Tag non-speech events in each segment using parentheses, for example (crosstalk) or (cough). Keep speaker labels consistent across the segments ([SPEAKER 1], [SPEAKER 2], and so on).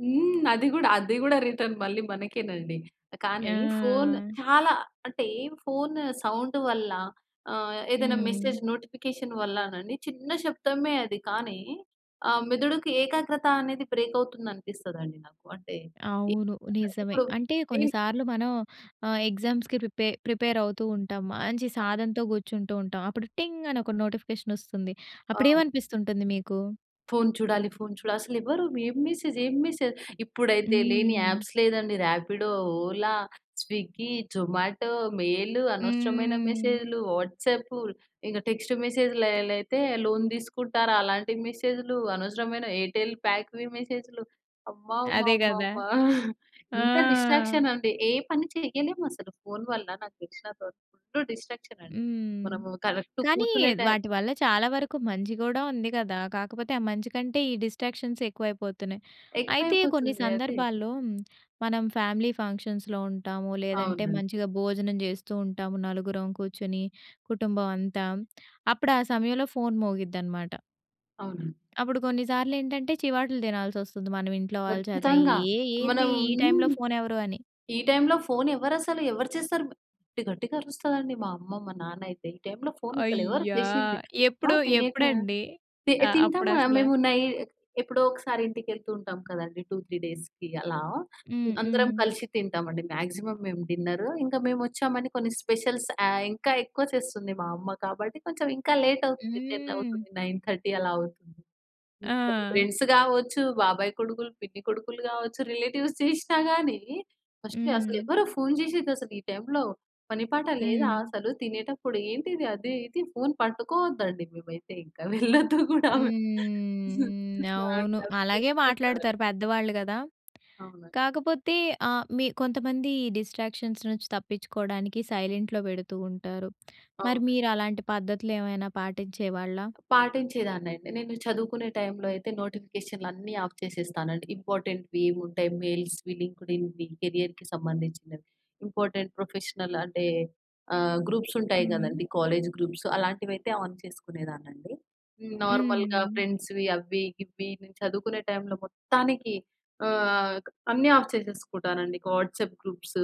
[SPEAKER 1] హ్మ్. అది గూడా, అది గూడా రిటర్న్ మళ్ళీ మనకేనండి. కానీ ఫోన్
[SPEAKER 2] ఆ!
[SPEAKER 1] చాలా అంటే ఫోను సౌండ్ వల్ల ఆహ్, ఏదైనా మెసేజ్
[SPEAKER 2] హ్మ్.
[SPEAKER 1] నోటిఫికేషన్ వల్లనండి, చిన్న శబ్దమే అది కానీ ఆహ్, మెదడుకి ఏకాగ్రత అనేది బ్రేక్ అవుతుందనిపిస్తదండి నాకు. అంటే
[SPEAKER 2] అవును.
[SPEAKER 1] ఎప్పుడైనా సరే,
[SPEAKER 2] నిజమే.
[SPEAKER 1] ఇప్పుడు
[SPEAKER 2] అంటే
[SPEAKER 1] ఎ
[SPEAKER 2] కొన్ని సార్లు మనం ఆహ్, ఎగ్జామ్స్‌కి ప్రిపే ప్రిపేరవుతూ ఉంటాం. మంచి
[SPEAKER 1] ఆ!
[SPEAKER 2] సాధనతో గూర్చుంటూ ఉంటాం. అప్పుడు టింగ్ అని ఒక నోటిఫికేషనొస్తుంది. అప్పుడు
[SPEAKER 1] ఆ!
[SPEAKER 2] ఏమనిపిస్తుంటుంది మీకు?
[SPEAKER 1] ఫోను చూడాలి, ఫోను చూడాలి. అసలెవరు. ఏం మెసేజ్, ఏం మెసేజ్. ఇప్పుడైతే లేని
[SPEAKER 2] హ్మ్.
[SPEAKER 1] యాప్స్ లేదండి రాపిడో, ఓలా, స్విగ్గీ, జొమాటో, మెయిల్, అనవసరమైన
[SPEAKER 2] హ్మ్.
[SPEAKER 1] మెసేజూలు, వాట్సాపు ఇక టెక్స్టు మెసేజులైతే, లోన్ దీసుకుంటారా, అలాంటి మెసేజులు. అనవసరమైన ఎయిర్టెల్ ప్యాక్‌వి మెసేజులు. అమ్మ అమ్మ
[SPEAKER 2] అదే గదా!
[SPEAKER 1] అమ్మమ్మ! (giggles)
[SPEAKER 2] ఆ!
[SPEAKER 1] ఇంత డిస్ట్రాక్షన్ అండి. ఏ పని చెయ్యలేం అసలు ఫోను వల్ల నాకు తెలిసినంత వరకు ఫుల్ డిస్ట్రాక్షన్ అండి.
[SPEAKER 2] హ్మ్.
[SPEAKER 1] మనము కరెక్ట్
[SPEAKER 2] కానీ
[SPEAKER 1] కూర్చునే టైం
[SPEAKER 2] వాటి వల్ల చాలా వరకు మంచి గూడా ఉంది గదా! కాకపోతే ఆ మంచి కంటే, ఈ డిస్ట్రాక్షన్స్ ఎక్కువైపోతున్నాయి. అయితే కొన్ని
[SPEAKER 1] ఎక్కువైపోతుంది అదే.
[SPEAKER 2] సందర్భాల్లో మనం ఫ్యామిలీ ఫంక్షన్స్‌లో ఉంటాము, లేదంటే
[SPEAKER 1] అవునండి.
[SPEAKER 2] మంచిగా భోజనం జేస్తూ ఉంటాము నలుగురం కూర్చొని కుటుంబం అంతా. అప్పుడు ఆ సమయంలో ఫోను మోగిద్దనమాట.
[SPEAKER 1] అవునండి.
[SPEAKER 2] అప్పుడు కొన్ని సార్లేంటంటే, చివాట్లు దినాల్సొస్తుంది మనం ఇంట్లో వాళ్ళ చేత.
[SPEAKER 1] ఖచ్చితంగా.
[SPEAKER 2] ఏ ఏంది
[SPEAKER 1] మనం
[SPEAKER 2] ఈ టైంలో
[SPEAKER 1] హ్మ్.
[SPEAKER 2] ఫోనెవరు అని.
[SPEAKER 1] ఈ టైంలో ఫోను ఎవరసలు ఎవరు చేస్తారు గట్టి గట్టిగా అరుస్తదండి మా అమ్మ, మా నాన్నయితే. ఈ టైంలో ఫోను అసలు ఎవరు
[SPEAKER 2] అయ్యా!
[SPEAKER 1] చేసింది,
[SPEAKER 2] ఎప్పుడు
[SPEAKER 1] ఆహ్, తినేక
[SPEAKER 2] ఎప్పుడండి?
[SPEAKER 1] తి
[SPEAKER 2] ఆహ్,
[SPEAKER 1] తింటాము
[SPEAKER 2] అప్పుడసలా
[SPEAKER 1] మేము నై ఎప్పుడో ఒకసారి ఇంటికెళ్తూంటాం కదండీ 2, 3 డేస్‌కి అలా. హ్మ్.
[SPEAKER 2] హ్మ్.
[SPEAKER 1] అందరం
[SPEAKER 2] హ్మ్.
[SPEAKER 1] కలిసి తింటాం అండి. మాక్సిమమ్ మేము డిన్నరు ఇంకా మేమోచ్చామని కొన్ని స్పెషల్స్ ఆహ్, ఇంకా ఎక్కువ చేస్తుంది మా అమ్మ కాబట్టి. కొంచెం ఇంకా లేట్ అవుతుంది 10
[SPEAKER 2] హ్మ్.
[SPEAKER 1] అవుతుంది 9:30 అలా అవుతుంది. హ్మ్ అది
[SPEAKER 2] ఆ!
[SPEAKER 1] ఫ్రెండ్స్ గావచ్చు, బాబాయ్ కొడుకులు, పిన్ని కొడుకులు గావచ్చు రిలేటివ్స్ చేసినా గాని, ఫస్ట్
[SPEAKER 2] హ్మ్.
[SPEAKER 1] "అసలెవరో ఫోను జెశేది అసలు ఈ టైంలో, పని పాట లేదా
[SPEAKER 2] హ్మ్.
[SPEAKER 1] అసలు. తినేటప్పుడు ఏంటిది అది ఇది" ఫోను పట్టుకోవద్దండి మేమైతే ఇంకా వెళ్ళొద్దు గూడా మేం.
[SPEAKER 2] హ్మ్.
[SPEAKER 1] ఆ!
[SPEAKER 2] అవును.
[SPEAKER 1] అట్లా
[SPEAKER 2] అలాగే
[SPEAKER 1] అరుస్తుంటది.
[SPEAKER 2] మాట్లాడుతారు పెద్దవాళ్ళు గదా!
[SPEAKER 1] అవునండి.
[SPEAKER 2] కాకపోతే ఆహ్, మి కొంతమంది ఈ డిస్ట్రాక్షన్స్ నుంచి తప్పించుకోడానికి సైలెంట్‌లో బెడుతూ ఉంటారు. మరి
[SPEAKER 1] అవునండి.
[SPEAKER 2] మీరలాంటి పద్ధతులేవైనా పాటించేవాళ్ళా?
[SPEAKER 1] పాటించేదాన్ని అండి. నేను చదువుకునే టైంలో అయితే, నోటిఫికేషనులు అన్ని ఆఫ్ చేసేస్తానండి. ఇంపార్టెంట్‌వి ఏముంటాయి, మెయిల్స్‌వి లింక్డ్‌ఇన్‌వి కేరియర్‌కి సంబంధించినవి ఇంపార్టెంట్ ప్రొఫెషనల్ అంటే ఆహ్, గ్రూప్స్ ఉంటాయి
[SPEAKER 2] హ్మ్.
[SPEAKER 1] గదండీ కాలేజ్ గ్రూప్స్ అలాంటివైయితే ఆన్ చేసుకునేదాన్నండి. హ్మ్. నార్మల్‌గా
[SPEAKER 2] హ్మ్.
[SPEAKER 1] ఫ్రెండ్స్‌వి అవ్వి, గివ్వి నేను చదువుకునే టైంలో మొత్తానికి ఆహ్, క్ అన్నీ ఆఫ్ చేసేసుకుంటానండి. ఇంక వాట్సాప్ గ్రూప్సు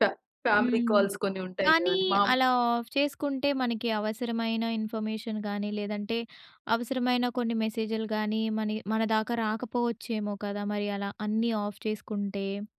[SPEAKER 1] ఫా ఫ్యామిలీ
[SPEAKER 2] హ్మ్.
[SPEAKER 1] కాల్స్ కొన్ని ఉంటాయి
[SPEAKER 2] కానీ
[SPEAKER 1] కదండీ. మామ్
[SPEAKER 2] అలా ఆఫ్ చేసుకుంటే, మనకి అవసరమైన ఇన్ఫర్మేషన్ గాని, లేదంటే అవసరమైన కొన్ని మెసేజులు గాని, మన ఇ మన దాకా రాకపోవచ్చేమో కదా! మరి అలా అన్నీ ఆఫ్ చేసుకుంటే.